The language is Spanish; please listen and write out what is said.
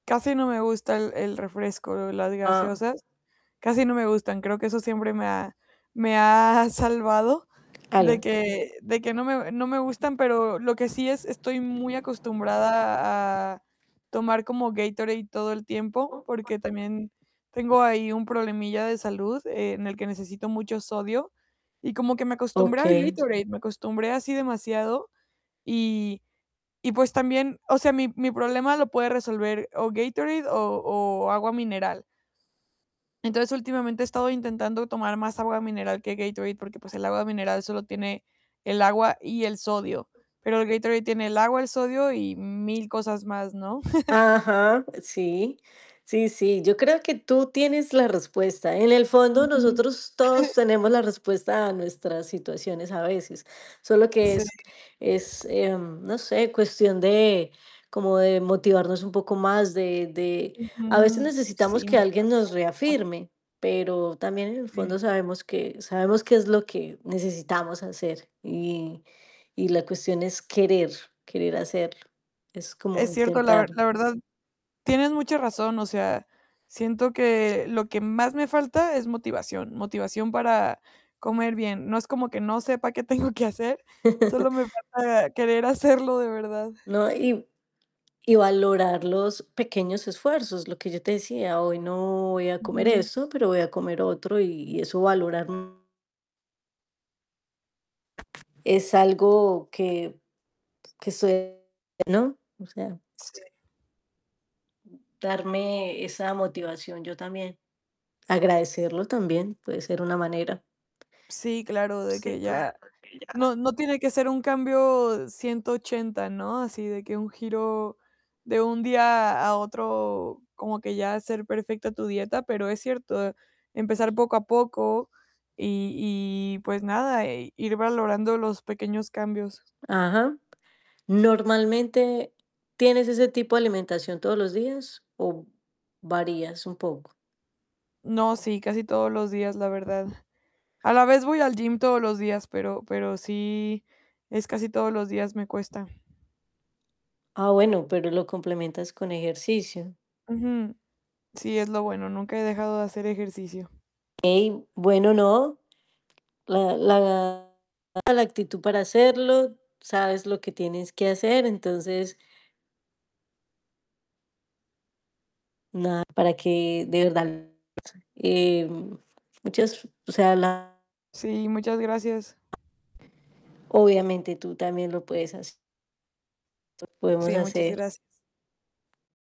Casi no me gusta el el refresco, las Ah. gaseosas. Casi no me gustan. Creo que eso siempre me ha me ha salvado de Aló. que de que no me no me gustan. Pero lo que sí, es estoy muy acostumbrada a tomar como Gatorade todo el tiempo, [unintelligible] porque también tengo ahí un problemilla de salud en el que necesito mucho sodio y como que me acostumbré al Okey. Gatorade, me acostumbré así demasiado y y pues, también o sea, mi mi problema lo puede resolver o Gatorade o o agua mineral. Entonces, últimamente he estado intentando tomar más agua mineral que Gatorade, porque, pues, el agua mineral solo tiene el agua y el sodio, pero el Gatorade tiene el agua, el sodio y mil cosas más, ¿no? Ajá, sí. Sí, sí, yo creo que tú tienes la respuesta. En el fondo Ujú. nosotros todos tenemos la respuesta a nuestras situaciones a veces. Solo que Sí. es es, eh, no sé, cuestión de como de motivarnos un poco más, de de a veces Ujú, necesitamos sí, que alguien motivación nos es lo que falta. reafirme, pero también en el Sí. fondo sabemos que sabemos qué es lo que necesitamos hacer y y la cuestión es querer querer hacerlo. Es como Es cierto, la ver intentarlo. la verdad, tienes mucha razón. O sea, siento que lo que más me falta es motivación. Motivación para comer bien. No es como que no sepa qué tengo que hacer solo me falta querer hacerlo de verdad. No, y y valorar los pequeños esfuerzos. Lo que yo te decía, hoy no voy a comer Ujú. eso, pero voy a comer otro y eso valorar Es algo que que suele, ¿no? O sea Sí. darme esa motivación yo también. Agradecerlo también puede ser una manera. Sí, claro, de Sí, que claro ya que ya. no, no tiene que ser un cambio 180, ¿no? Así de que un giro de un día a otro, como que ya hacer perfecta tu dieta, pero es cierto, empezar poco a poco y y pues, nada, e ir valorando los pequeños cambios. Ajá. Normalmente, ¿tienes ese tipo de alimentación todos los días o varías un poco? No, sí, casi todos los días, la verdad. A la vez voy al gym todos los días, pero pero sí es casi todos los días me cuesta. Ah, bueno, pero lo complementas con ejercicio. Ujú. Sí, es lo bueno. Nunca he dejado de hacer ejercicio. Ey, bueno, no. La la actitud para hacerlo. Sabes lo que tienes que hacer. Entonces nada, para que de verdad, eh, muchas, o sea, la Sí, muchas gracias. Obviamente tú también lo puedes hace Podemos Sí, muchas hacer gracias.